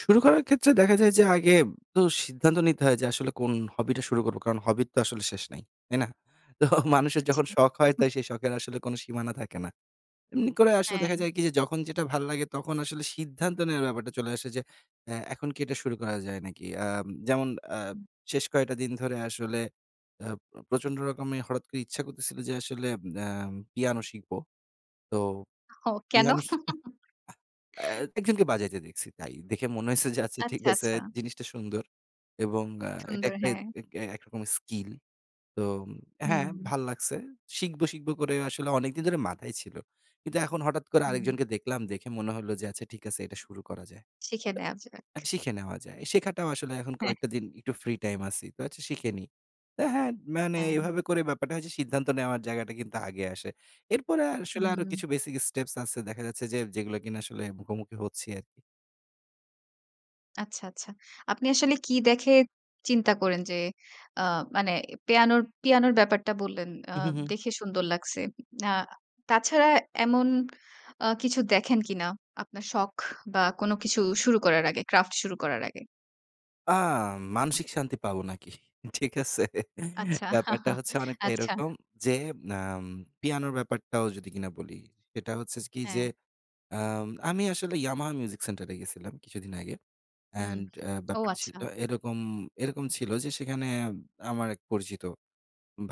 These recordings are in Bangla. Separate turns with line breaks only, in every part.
শুরু করার ক্ষেত্রে দেখা যায় যে, আগে তো সিদ্ধান্ত নিতে হয় যে, আসলে কোন হবিটা শুরু করব। কারণ হব তো আসলে শেষ নাই। তাই না? তো মানুষের
আচ্ছা
যখন শখ হয় তো
[unintelligible]
সেই শখের আসলে কোন সীমানা থাকে না। এমনি করে আসলে দেখা
হ্যা।
যায় কি যে, যখন যেটা ভালো লাগে তখন আসলে সিদ্ধান্ত নেওয়ার ব্যাপারটা চলে আসে যে, এ্যা এখন কি এটা শুরু করা যায় নাকি? আম যেমন আ
হুম।
শেষ কয়েকটা দিন ধরে আসলে আ প্রচণ্ড রকম হঠাৎ করে ইচ্ছা করছিল যে, আসলে আ পিয়ানো শিখব। তো
ও কেন?
পিয়ানো শি এ্যা আহ এ্যা একজনকে বাজাইতে দেখছি। তাই দেখে মনে হয়েছে যে, আচ্ছা ঠিক
আচ্ছা,
আছে
আচ্ছা।
জিনিসটা সুন্দর। এবং আ এটা
সুন্দর
একটাই
হ্যা।
এক এ্যা একরকমের স্কিল। তো হ্যা,
হুম, হুম।
ভাললাগছে। শিখব, শিখব, করে আসলে অনেকদিন ধরে মাথায় ছিল। কিন্তু এখন হঠাৎ করে
হু, হুম।
আরেকজনকে দেখলাম। দেখে মনে হলো যে, আচ্ছা ঠিক আছে এটা শুরু করা যায়।
শিখে নেওয়া যাক।
আ শিখে নেওয়া যায়। শেখাটাও আসলে এখন
হ্যা,
কয়েকটা
হ্যাঁ।
দিন একটু ফ্রি টাইম আছি। তো আচ্ছা শিখে নেই, তো হ্যা মানে
হ্যা।
এভাবে করে ব্যাপারটা হচ্ছে সিদ্ধান্ত নেওয়ার জায়গাটা কিন্তু আগে আসে। এরপরে আসলে আরো
হুম।
কিছু বেসিক স্টেপস আছে। দেখা যাচ্ছে যে, যেগুলো কিনা মুখোমুখি হচ্ছি আরকি।
আচ্ছা, আচ্ছা। আপনি আসলে কি দেখে চিন্তা করেন যে, আ মানে পিয়ান, পিয়ানোর ব্যাপারটা বললেন, আ
উ, হু, হুম।
দেখে সুন্দর লাগছে। না তাছাড়া এমন আ কিছু দেখেন কিনা আপনার শখ বা কোন কিছু শুরু করার আগে ক্রাফট শুরু করার আগে?
আ মানসিক শান্তি পাবো নাকি ঠিক আছে?
আচ্ছা,
ব্যাপারটা হচ্ছে অনেকটা
আচ্ছা।
এরকম যে, আ পিয়ানোর ব্যাপারটাও যদি কিনা বলি, সেটা হচ্ছে কি যে,
হ্যা।
আম আমি আসলে ইয়ামাহা মিউজিক সেন্টার এ গেছিলাম কিছুদিন আগে।
হুম,
অ্যান্ড এ্যা
ও
ব্যাপারটা ছিল,
আচ্ছা।
এরকম, এরকম, ছিল যে, সেখানে আমার এক পরিচিত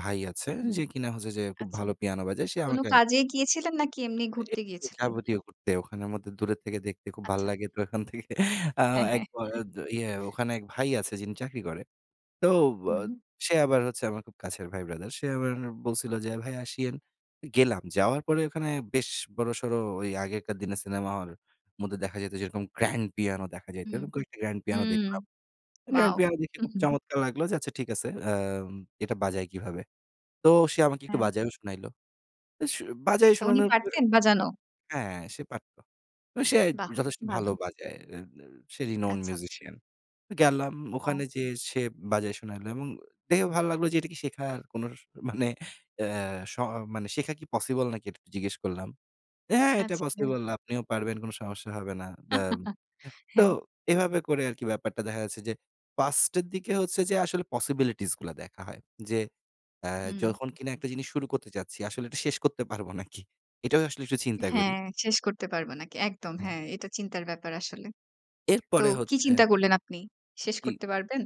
ভাই আছে,
হুম,
যে, কিনা হচ্ছে যে, খুব
আচ্ছা
ভালো পিয়ানো বাজায় সে
কোন
আমাকে
কাজে গিয়েছিলেন নাকি এমনি
তো
ঘুরতে
একটু
গিয়েছিলেন?
যাবতীয় করতে। ওখানের মধ্যে দূরে থেকে দেখতে খুব ভালো
আচ্ছা।
লাগে। তো ওখান থেকে আ
হ্যা, হ্যা,
এক ব
হ্যা।
ইয়ে ওখানে এক ভাই আছে যিনি চাকরি করে। তো ব
হুম।
সে আবার হচ্ছে আমার খুব কাছের ভাই ব্রাদার। সে আবার বলছিল যে, ভাই আসিয়েন। গেলাম। যাওয়ার পরে ওখানে বেশ বড়সড় ঐ আগেকার দিনে সিনেমা হল, মধ্যে দেখা যাইত যেরকম গ্র্যান্ড পিয়ানো দেখা যাইত।
হু,
অইরকম কয়েকটা গ্র্যান্ড পিয়ানো
হুম।
দেখলাম। Grand
wow.
পিয়ানো দেখে
হু,
খুব
হুম।
চমৎকার লাগলো যে, আচ্ছা ঠিক আছে আ এটা বাজায় কিভাবে? তো সে আমাকে একটু
হ্যা।
বাজাই শুনাইল। তো স বাজায়
আচ্ছা উনি
শোনানোর পর
পারতেন বাজানো?
হ্যা সে পারত। সে
বাহ!
যথেষ্ট ভালো
ভালো।
বাজায়। [unintelligible] সে renowned
আচ্ছা, আচ্ছা।
musician গেলাম
ও।
ওখানে যে, সে বাজায় শুনাইল। এবং দেখে ভালো লাগলো যে, এটা কি শেখা কোন মানে অ্যা শ মানে শেখা কি পসিবল নাকি? এটা একটু জিজ্ঞেস করলাম। হ্যা, হ্যা, এটা
আচ্ছা।
পসিবল আপনিও পারবেন কোন সমস্যা হবে না। ব্যা হ্যাঁ, তো
হ্যা।
এভাবে করে আরকি ব্যাপারটা দেখা যাচ্ছে যে, পাস্টের দিকে হচ্ছে যে, আসলে পসিবিলিটিস গুলো দেখা হয়। যে, আ
হুম।
যখন কিনা একটা জিনিস শুরু করতে যাচ্ছি। আসলে এটা শেষ করতে পারব নাকি? এটাও আসলে একটু চিন্তা
হ্যা,
করি।
শেষ করতে পারব নাকি।
আহ!
একদম হ্যা
হ্যাঁ।
এটা চিন্তার ব্যাপার আসলে। তো
এরপরে
কি
হচ্ছে
চিন্তা করলেন আপনি? শেষ
জি।
করতে পারবেন?